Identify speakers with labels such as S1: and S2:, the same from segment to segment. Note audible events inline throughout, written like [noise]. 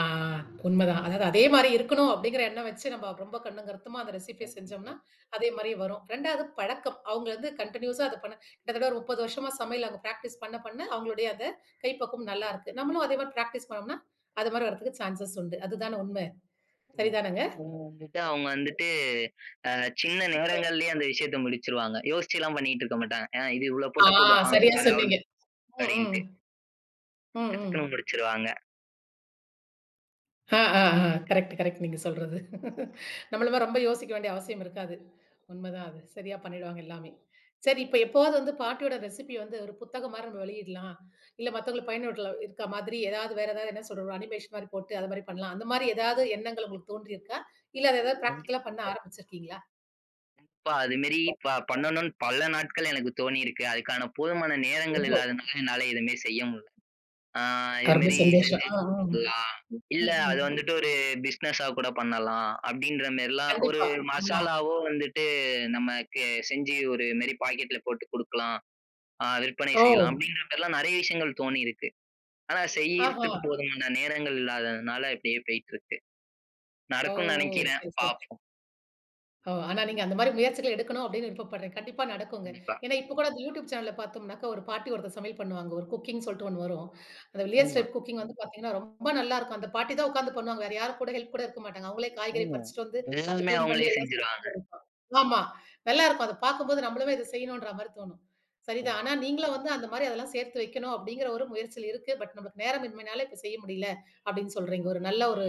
S1: ஆ உண்ம தான். அதாது அதே மாரி இருக்கணும், அப்படிங்கற எண்ணம் வச்சு நாம ரொம்ப கண்ணும் கருத்துமா அந்த ரெசிபிய
S2: ம். ஆ,
S1: செஞ்சோம்னா, அதே மாரி வரும். 2ஆவது பழக்கம். அவங்க வந்து, கண்டினீயூஸா அதப் பண்ண கிட்டத்தட்ட 30 வருஷமா சமையல அவங்க ப்ராக்டிஸ் பண்ண, பண்ண அவங்களோடய அத கைப்பக்குவம் நல்லா
S2: ம்.
S1: இருக்கு. நம்மளும் அதே மாரி ப்ராக்டிஸ் பண்ணோம்னா, அது மாதிரி வர்றதுக்கு சான்சஸ் உண்டு. அதுதான உண்ம!
S2: ம்.
S1: சரிதானங்க?
S2: அவங்க வந்துட்டு அவங்க வந்துட்டு, அ சின்ன
S1: உண்ம.
S2: நேரங்கலயே அந்த விஷயத்த முடிச்சிருவாங்க. யோசிச்சுலாம் பண்ணிட்டு இருக்கமாட்டாங்க. ஏன்னா "இது இவ்ளோ
S1: ஆ,
S2: போட்டா போதும். அம்.
S1: சரியா
S2: அது அவ்ளவ்"
S1: சொன்னீங்க. ம்.
S2: அப்டின்னுட்டு.
S1: ம். ம்.
S2: டக்
S1: ம்.
S2: டக்குன்னு முடிச்சிருவாங்க.
S1: ஆ, ஆ, அ. Correct correct. நீங்கச் சொல்றது! [chuckles] நம்மள மாரி ரொம்ப யோசிக்க வேண்டிய அவசியம் இருக்காது. உண்ம தான் அது. சரியா பண்ணிடுவாங்க எல்லாமே. சரி, இப்ப எப்பவாவது வந்து பாட்டியோட ரெசிபி வந்து ஒரு புத்தகம் மாரி நம்ம வெளியிடலாம், இல்ல மத்தவங்களுக்கு பயனுட்டலா இருக்க மாதிரி ஏதாவது வேற ஏதாவது என்ன சொல்றது அனிமேஷன் மாரி போட்டு, அது மாதிரி பண்ணலாம். அந்த மாரி ஏதாவது எண்ணங்கள் உங்களுக்குத் தோன்றியிருக்கா? இல்ல அது ஏதாவது
S2: கண்டிப்
S1: ப்ராக்டிகல்லா பண்ண ஆரம்பிச்சு இருக்கீங்களா?
S2: இப்பா அது மாரி ப பண்ணணும்ன்னு, பல நாட்கள் எனக்குத் தோணியிருக்கு. அதுக்கான போதுமான நேரங்கள்
S1: ரொம்ப
S2: இல்லாததுனால என்னால எதுவுமே செய்ய முடில. அ இது
S1: அ ரொம்ப
S2: மாரி
S1: சந்தோஷம்.
S2: செஞ்சு
S1: அ, ஆம்.
S2: கொடுக்கலாம். இல்ல
S1: ம்.
S2: அது
S1: ம்.
S2: வந்துட்டு, ஒரு பிஸ்னஸ்ஸா கூடப் பண்ணலாம். அப்டின்ற மாரிலாம் ஒரு
S1: கண்டிப்பா. ஆமா.
S2: மசாலாவோ வந்துட்டு, நமக்கு செஞ்சு ஒரு இது மாரி ஒரு பாக்கெட்ல போட்டு குடுக்கலாம், அ விற்பனை செய்யலாம்.
S1: ஓ!
S2: அப்டின்ற மாரிலாம் நிறையா விஷயங்கள் தோணியிருக்கு. ஆனா
S1: ஆஹா!
S2: செய்யறதுக்கு போதுமான நேரங்கள் இல்லாததுனால அப்டியே போயிட்டுருக்கு.
S1: ஓ!
S2: நடக்கும்
S1: ஓ!
S2: நினைக்கிறேன்.
S1: சரி, சரி.
S2: பாப்போம்.
S1: ஓ! ஆனா நீங்க அந்த மாரி முயற்சிகள எடுக்கணும், அப்டின்னு விருப்பப்பட்றேன். கண்டிப்பா நடக்குங்க.
S2: கண்டிப்பா.
S1: ஏனா இப்ப கூட இந்த YouTube channelல பார்த்தோம்னாக்க, ஒரு பாட்டி ஒருத்தர் சமையல் பண்ணுவாங்க. ஒரு குக்கிங் சொல்ட்டு ஒண்ணு வரும். அந்த "வில்லேஜ்
S2: ஆமா.
S1: டைப் குக்கிங்" வந்து பாத்தீங்கன்னா, ரொம்ப நல்லா இருக்கும். அந்தப் பாட்டி தான் உக்காந்து பண்ணுவாங்க. வேற யாரும் கூட ஹெல்ப் கூட இருக்க மாட்டாங்க. அவங்களே காய்கறி
S2: ஆமா.
S1: பறிச்சிட்டு வந்து, அத
S2: எல்லாமே
S1: க்ளீன் பண்ணி
S2: அவங்களே
S1: எல்லாம்
S2: செஞ்சுருவாங்க.
S1: செய்வாங்க. ஆமா நல்லா இருக்கும். அத பாக்கும்போது, நம்மளும் இத செய்யணும்ன்ற மாதிரி தோணும். சரி தான்.
S2: ஆமா.
S1: ஆனா, நீங்களும் வந்து அந்த மாதிரி அதெல்லாம் சேர்த்து வைக்கணும், அப்டிங்கிற ஒரு முயற்சி இருக்கு. பட் நமக்கு நேரமின்மைனால இப்ப செய்ய முடியல, அப்டின்னு சொல்றீங்க. ஒரு நல்ல ஒரு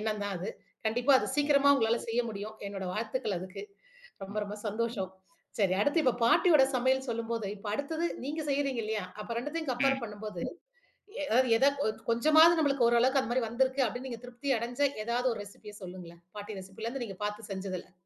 S1: எண்ணம் தான் அது. கண்டிப்பா அத
S2: ம்.
S1: சீக்கிரமா உங்களால செய்ய முடியும். என்னோட வாழ்த்துக்கள் அதுக்கு. ரொம்ப
S2: ம்.
S1: ரொம்ப சந்தோஷம். சரி அடுத்து இப்ப பாட்டியோட சமையல் சொல்லும்போது, இப்ப அடுத்தது நீங்க செய்யுறீங்க இல்லையா? அப்ப 2தயும் கம்பேர்
S2: ம்.
S1: பண்ணும்போது, எ
S2: ம்.
S1: ஏதாது ஒச் கொஞ்சமாது நம்மளுக்கு ஓரளவுக்கு அந்த மாரி வந்திருக்கு அப்படின்னு, நீங்கத் திருப்தி அடைஞ்ச ஏதாது ஒரு ரெசிபி சொல்லுங்களேன். பாட்டி ரெசிபில இருந்து நீங்கப் பாத்து செஞ்சதுல.